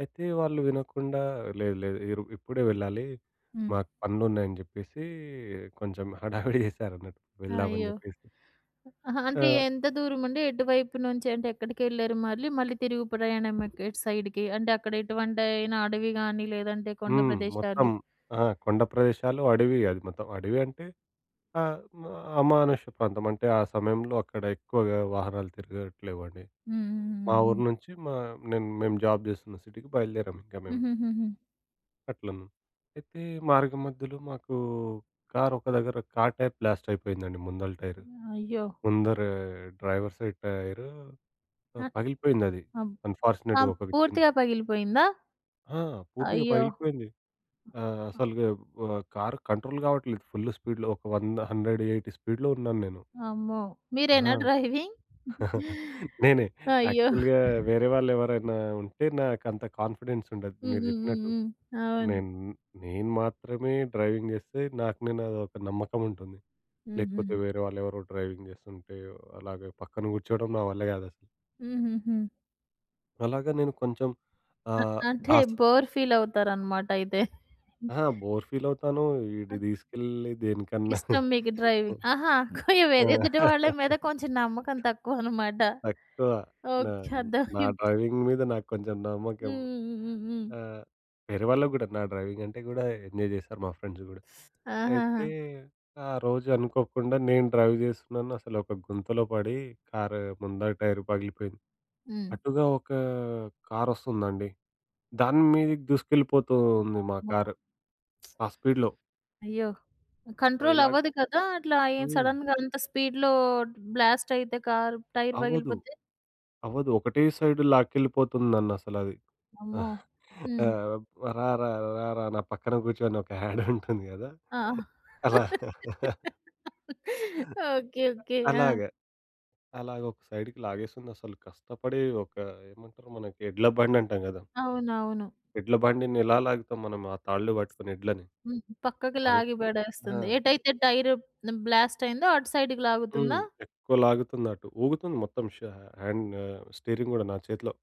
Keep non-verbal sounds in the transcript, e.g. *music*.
అయితే వాళ్ళు వినకుండా లేదు, లేదు, ఈరో ఇప్పుడే వెళ్ళాలి. హ్మ్. మాకు పనులున్నాయని చెప్పేసి, కొంచెం హడావిడి చేసారన్నట్టు వెళ్దామని అయ్యో! జెప్పేసి. అహ! అంటే, ఆ! ఎంత దూరమండి? ఎటువైపు నుంచి? అంటే, ఎక్కడికెళ్ళారు మళ్ళీ, మళ్ళీ తిరుగు ప్రయాణం ఎక్ ఎటు సైడ్‌కి? అంటే, అక్కడ ఎటువంటైన అడవి గాని, లేదంటే కొండ హ్మ్. మొత్తం ప్రదేశాలు అహ! కొండ ప్రదేశాలు, అడవి అది మొత్తం. అడివి అంటే, అమ అమానుష్య ప్రాంతమంటే, ఆ సమయంలో అక్కడ ఎక్కువగా వాహనాలు తిరగట్లేవండి. హ్మ్, హ్మ్, హ్మ్, మా ఊరు హ్మ్. నుంచి, మా నేను మేము జాబ్ జేస్తున్న సిటీకి బయలుదేరాము ఇంక మేము. హూహూహుహు. అట్లన్ అయితే, మార్గ మధ్యలో మాకూ కారొక దగ్గర, కార్ టైప్ బ్లాస్ట్ అయిపోయిందండి. ముందల టైరు. హ్మ్. అయ్యో! ముందర డ్రైవర్‌ సైడ్ టైరు ప అత్ పగిలిపోయిందది. అబ్ అన్‌ఫార్చునేట్‌గా అమ్ ఒక వి చిన్ పూర్తిగా పగిలిపోయిందా? ఆ! పూర్తిగా అయ్యో! పగిలిపోయింది. ఆ! ఆ! అసలు గెవ్ వ కార్ కంట్రోల్ కావట్లేదు. ఫుల్ స్పీడ్‌‌లో, ఒక 100 100, 80 స్పీడ్‌‌లో ఉన్నాను నేను. అమ్మో! ఆ! మీరేనా డ్రైవింగ్? *chuckles* *chuckles* నేనే. అయ్యో! యాక్చువల్‌గా వేరే వాళ్ళెవరైనా ఉంటే, నాకంత కాన్ఫిడెన్స్ ఉండదు. హ్మ్. మీరు హ్మ్. హ్మ్. జెప్పినట్టు. హ్మ్. అవును. నేన్ నేను మాత్రమే డ్రైవింగ్ జేస్తే, నాకు నేనో ఒక నమ్మకం ఉంటుంది. హ్మ్. లేకపోతే, హ్మ్. వేరే వాళ్ళెవరో డ్రైవింగ్ జేస్తుంటే, అలాగే పక్కన కూచ్చోడం నా వల్లే గాదసలు. హూహూహు. అలాగే నేను కొంచెం అ ఆహ్, అంటే, ఆస బోర్ ఫీలవుతారనమాటయితే. అహ! *chuckles* బోర్ ఫీలవుతాను. ఈడి అద్ దీసుకెళ్ళి దేనికన్నా ఇష్టం *chuckles* మీకు డ్రైవింగ్. అహ! ఖుయు ఆ! ఎదుటి వాళ్ళ మీద కొంచెం నమ్మకం *laughs* తక్కువనమాట. తక్కువ. నా ఓకే. నా అర్ధవైంది. డ్రైవింగ్ మీద నాకు కొంచెం హ్మ్. నమ్మకం. హ్మ్. హ్మ్. హ్మ్. హ్మ్. ఆ! వేరే వాళ్ళకి గూడా. నా డ్రైవింగ్ అంటే కూడా ఎంజాయ్ చేస్తారు మా ఫ్రెండ్స్ గూడా. *sucks teeth* ఆహాహా! అయితే, ఆ రోజు అనుకోకుండా నేను డ్రైవ్ జేస్తున్నాను. అసలొక గుంతలో పడి, కార్ ముందర టైరు పగిలిపోయింది. హ్మ్. అటుగా ఒకా కారొస్తుందండి. దాని మీదకి దూసుకెళ్ళిపోతూ ఉంది మా వామ్మో! కారు. *smacks lips* ఆ స్పీడ్‌‌లో. అయ్యో! ఆహ్, ఓహ్! ఇలాగ కంట్రోలవ్వదు కదా, అట్లా అయెన్ హ్మ్. సడెన్‌గా అంత స్పీడ్‌లో, డ్ బ్లాస్ట్ అయితే, కార్ టైర్ అవదు. పగిలిపోతే. అవదు. ఒకటే సైడ్ లాకెళ్ళిపోతుంది నన్నసలది. అమ్మో! *chuckles* ఆ! హ్మ్. బ్ 'రారా, రారా, నా పక్కన కూచో' అని ఒక యాడుంటుంది కదా! ఆ! అలా. *laughs* ఓకే. ఓకే. అలాగ. ఆ! అలాగ ఒక సైడ్‌కి లాగేసిందసలు కష్టపడి, ఒక ఏమంటారు? మనకి ఎడ్ల బండంటాం గదా! అవునవును. ఎడ్ల బండిని ఇలా లాగుతాం మనం, ఆ తాళ్లు బట్టుకుని ఎడ్లని? హ్మ్. పక్కకు అల్ లాగి ఆ! పడేస్తుంది. ఎటైతే టైరు ప్ న్ బ్లాస్ట్ అయిందో, అటు సైడ్‌కి హ్మ్. లాగుతుందా? ఎక్కువ లాగుతుంది అటు. ఊగుతుంది మొత్తం ష హ్యాండ్ న స్టీరింగ్ కూడా నా చేతిలో.